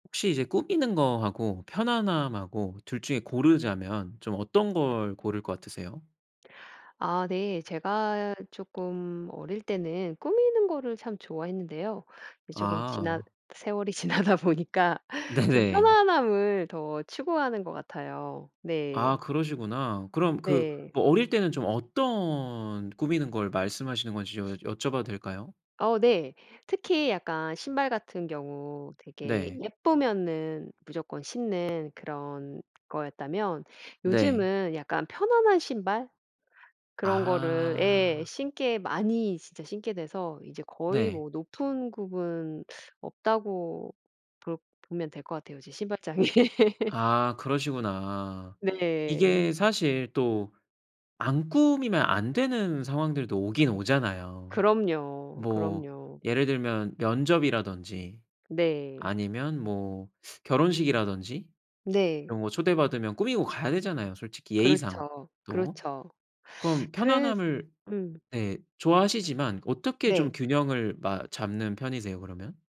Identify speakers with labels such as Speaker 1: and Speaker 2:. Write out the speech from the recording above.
Speaker 1: 혹시 이제 꾸미는 거 하고 편안함하고 2 중에 고르자면 좀 어떤 걸 고를 것 같으세요?
Speaker 2: 아 네. 제가 쪼끔 어릴 때는 꾸미는 거를 참 좋아했는데요. 이제 쪼금 지나
Speaker 1: 아.
Speaker 2: 세월이 지나다 보니까 좀
Speaker 1: 네네.
Speaker 2: 편안함을 더 추구하는 것 같아요.
Speaker 1: 아
Speaker 2: 네.
Speaker 1: 그러시구나. 그럼 그
Speaker 2: 네.
Speaker 1: 뭐 어릴 때는 좀 어떤 꾸미는 걸 말씀하시는 건지 좀 여쭤 봐도 될까요?
Speaker 2: 어 네. 특히 약간 신발 같은 경우 되게
Speaker 1: 네.
Speaker 2: 예쁘면은 무조건 신는 그런 거였다면
Speaker 1: 네.
Speaker 2: 요즘은 약간 편안한 신발 그런 거를 예
Speaker 1: 아.
Speaker 2: 신게 많이 진짜 신게 돼서 이제 거의
Speaker 1: 네.
Speaker 2: 뭐 높은 굽은 없다고 볼 보면 될 것 같아요 이제 신발장이.
Speaker 1: 아 그러시구나.
Speaker 2: 네.
Speaker 1: 이게 사실 또 안 꾸미면 안 되는 상황들도 오긴 오잖아요.
Speaker 2: 그럼요.
Speaker 1: 뭐
Speaker 2: 그럼요.
Speaker 1: 예를 들면 면접이라든지
Speaker 2: 네.
Speaker 1: 아니면 뭐 결혼식이라든지
Speaker 2: 네.
Speaker 1: 이런 거 초대받으면 꾸미고 가야 되잖아요, 솔직히 예의상
Speaker 2: 그렇죠.
Speaker 1: 또.
Speaker 2: 그렇죠.
Speaker 1: 그럼
Speaker 2: 그래ㅅ
Speaker 1: 편안함을
Speaker 2: 음.
Speaker 1: 네 좋아하시지만 어떻게 좀
Speaker 2: 네.
Speaker 1: 균형을 마 잡는 편이세요 그러면?